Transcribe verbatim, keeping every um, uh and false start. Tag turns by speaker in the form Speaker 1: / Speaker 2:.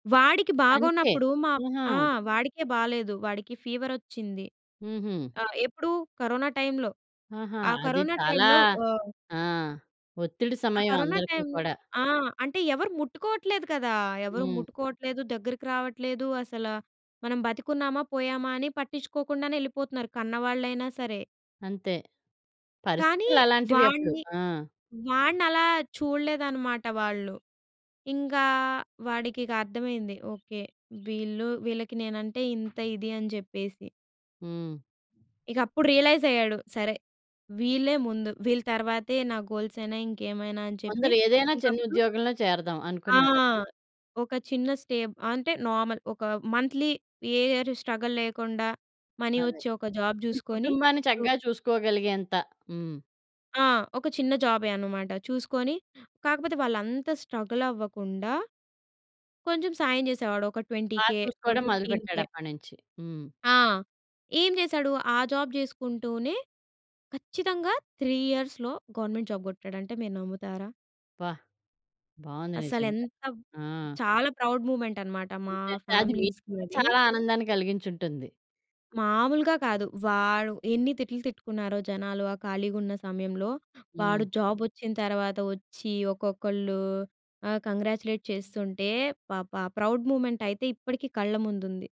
Speaker 1: వాడికి
Speaker 2: తనికే.
Speaker 1: బాగోనప్పుడు మా
Speaker 2: ఆహా!
Speaker 1: ఆ! వాడికే బాలేదు. వాడికి ఫీవరొచ్చింది.
Speaker 2: హుహు.
Speaker 1: ఆహ్, ఎప్పుడు, కరోనా టైమ్‌లో
Speaker 2: ఆహా!
Speaker 1: ఆ
Speaker 2: అది
Speaker 1: కరోనా
Speaker 2: చాలా
Speaker 1: టైమ్‌లో ఆహ్
Speaker 2: ఆ! ఒత్తిడి
Speaker 1: ఆ
Speaker 2: సమయం
Speaker 1: కరోనా
Speaker 2: అందరికి
Speaker 1: టైమ్‌లో
Speaker 2: కూడా.
Speaker 1: ఆ! అంటే ఎవరు ముట్టుకోవట్లేదు కదా! ఎవరు
Speaker 2: హ్మ్.
Speaker 1: ముట్టుకోవట్లేదు, దగ్గరికి రావట్లేదు. అసలు మనం బతికున్నామా, పోయామా అని పట్టించుకోకుండానే ఎళ్ళిపోతున్నారు. కన్నవాళ్ళైనా సరే.
Speaker 2: అంతే.
Speaker 1: కానీ
Speaker 2: పరిస్థితులు అలాంటివి అప్పుడు.
Speaker 1: వాడిని
Speaker 2: ఆ!
Speaker 1: వాడినలా చూడలేదన్నమాట వాళ్ళు. ఇంకా వాడికి ఇక అర్థమైంది. ఓకే వీళ్ళు వీళ్ళకి నేనంటే, ఇంత ఇది అని చెప్పేసి.
Speaker 2: హ్మ్.
Speaker 1: ఇక అప్పుడు రియలైజ్ అయ్యాడు. సరే, వీళ్ళే ముందు వీళ్ళ తర్వాతే, నా గోల్స్ అయినా ఇంకేమైనా అని చెప్పి,
Speaker 2: కొందరు ఏదైనా చిన్న
Speaker 1: ఇంకప్పుడు
Speaker 2: ఉద్యోగంలో చేరదాం,
Speaker 1: ఆ!
Speaker 2: అనుకున్నారప్పుడు?
Speaker 1: ఒక చిన్న స్టేబ్ అంటే, నార్మల్ ఒక మంథ్లీ ఏ ఇయర్ స్ట్రగల్ లేకుండా మనీ
Speaker 2: అదే.
Speaker 1: వచ్చే ఒక జాబ్
Speaker 2: నీ
Speaker 1: చూసుకొని,
Speaker 2: కుటుంబాన్ని
Speaker 1: టు
Speaker 2: చక్కగా చూసుకోగలిగేంత. హ్మ్.
Speaker 1: ఆ! ఒక చిన్న జాబే అనమాట చూసుకొని కాకపోతే వాళ్ళుంతా స్ట్రగల్ అవ్వకుండా, కొంచెం సాయం చేసేవాడు. ఒక ట్వెంటీ
Speaker 2: బా
Speaker 1: కే, ఓహ్,
Speaker 2: చూసుకోవడం
Speaker 1: ఫిఫ్టీన్
Speaker 2: మొదలుపెట్టాడు
Speaker 1: కే.
Speaker 2: అప్పటినుంచి. హ్మ్.
Speaker 1: ఆ! ఏం చేసాడు ఆ జాబ్ చేసుకుంటూనే, ఖచ్చితంగా త్రీ ఇయర్స్‌లో గవర్నమెంట్ జాబ్ కొట్టాడంటే మీరు నమ్ముతారా?
Speaker 2: అబ్బా! బావుంది
Speaker 1: అసలు
Speaker 2: నిజంగా.
Speaker 1: ఎంత
Speaker 2: ఆ!
Speaker 1: చాలా ప్రౌడ్ మూవ్మెంట్ అన్నమాట. మా
Speaker 2: నిజంగా అది మీకు కూడా
Speaker 1: ఫ్యామిలీస్‌కది.
Speaker 2: చాలా ఆనందాన్ని కలిగించుంటుంది.
Speaker 1: మామూలుగా కాదు. వాడు ఎన్ని తిట్లు తిట్టుకున్నారో జనాలు ఆ ఖాళీగా ఉన్న సమయంలో. వాడు
Speaker 2: హ్మ్.
Speaker 1: జాబ్ వచ్చిన తర్వాత వచ్చి ఒక్కొక్కళ్ళు, ఆ! కాంగ్రాచ్యులేట్ చేస్తుంటే, భ! భ! ప్రౌడ్ మూవ్మెంటయితే ఇప్పటికి కళ్ళ ముందుంది.